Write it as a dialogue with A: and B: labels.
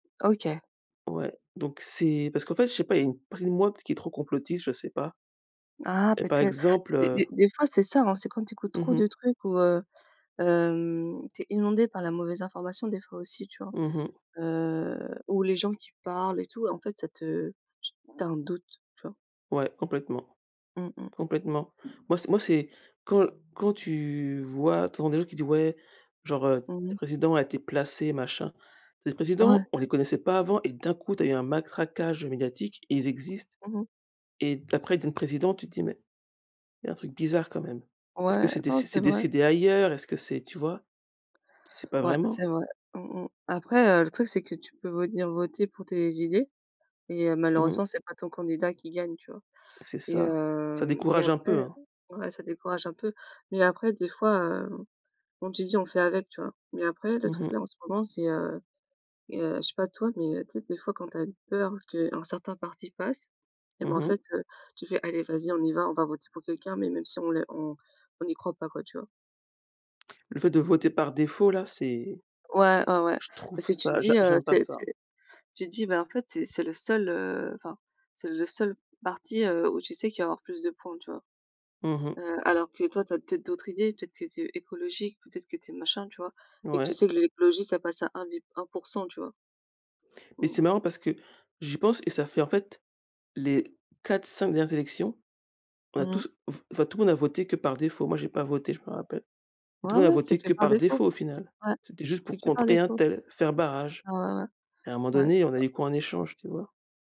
A: OK.
B: Ouais, donc c'est parce qu'en fait je sais pas, il y a une partie de moi qui est trop complotiste, je sais pas
A: Ah
B: et par
A: peut-être,
B: exemple,
A: des
B: heu
A: des des fois c'est ça, hein, c'est quand tu écoutes
B: Mmh
A: trop de
B: mh.
A: trucs où heu, hem, tu es inondé par la mauvaise information des fois aussi, tu vois,
B: Mmh mh.
A: heu, ou les gens qui parlent et tout, et en fait ça te tu as un doute, tu vois?
B: Ouais, complètement,
A: Mmh mh.
B: complètement. Moi c'est moi c'est quand quand tu vois, tu entends des gens qui disent: «Ouais», genre, heu
A: Mmh
B: «...le
A: mh.
B: président a été placé», machin. Les
A: Ouais.
B: présidents, on les connaissait pas avant et d'un coup, tu as eu un matraquage médiatique et ils existent
A: Mmh mh.
B: et après ils deviennent présidents, tu te dis: «Mais, il y a un truc bizarre quand même». Est-ce que
A: Ouais,
B: c'est dé
A: non
B: c'est c'est
A: c'est vrai.
B: décidé ailleurs? Est-ce que c'est tu vois? Tu sais pas
A: Ouais c'est
B: vraiment.
A: vrai. Mmh mh. Après, heu, le truc c'est que tu peux venir voter pour tes idées et heu,
B: Mmh mh.
A: malheureusement c'est pas ton candidat qui gagne, tu vois
B: C'est
A: et
B: ça, ça
A: hem et
B: décourage un
A: après
B: peu, hein?
A: ouais, ça décourage un peu, mais après des fois, heu, comme tu dis on fait avec, tu vois mais après le
B: Mmh
A: truc là
B: mh.
A: en ce moment c'est heu et heu je sais pas toi, mais heu, tu sais des fois quand tu as une peur qu'un certain parti passe, eh ben,
B: Mmh
A: en fait,
B: mh.
A: heu, tu fais: «Allez vas-y, on y va, on va voter pour quelqu'un mais même si on l on on n'y croit pas», quoi, tu vois?
B: Le fait de voter par défaut là c'est
A: Ouais, ouais, ouais.
B: je trouve
A: Parce que tu te
B: ça, j'a
A: dis, heu,
B: j'aime pas
A: c'est
B: ça.
A: c'est tu te dis, bah, en fait, c'est c'est le seul, heu, enfin, c'est le seul parti, heu, où tu sais qu'il va y avoir plus de points, tu vois,
B: Mmh mh.
A: heu, alors que toi, tu as peut-être d'autres idées, peut-être que tu es écologique ou peut-être que tu es machin, tu vois et que tu
B: Ouais.
A: sais que l'écologie ça passe à un bi 1 %, tu vois?
B: Mais
A: Mmh mh.
B: c'est marrant parce que, j'y pense et ça fait en fait, les 4-5 dernières élections, on a
A: Mmh mh.
B: tous f enfin tout le monde a voté que par défaut, moi j'ai pas voté je me rappelle et tout
A: Ouais,
B: le monde a
A: ouais. C'est
B: voté
A: que
B: que
A: par
B: par
A: défaut.
B: défaut au final,
A: Ouais.
B: c'était juste
A: C'est
B: pour
A: que par
B: contrer
A: défaut.
B: untel, faire barrage
A: Ouais, ouais,
B: et à un moment
A: ouais.
B: donné, on a
A: Ouais.
B: eu quoi en échange, tu vois?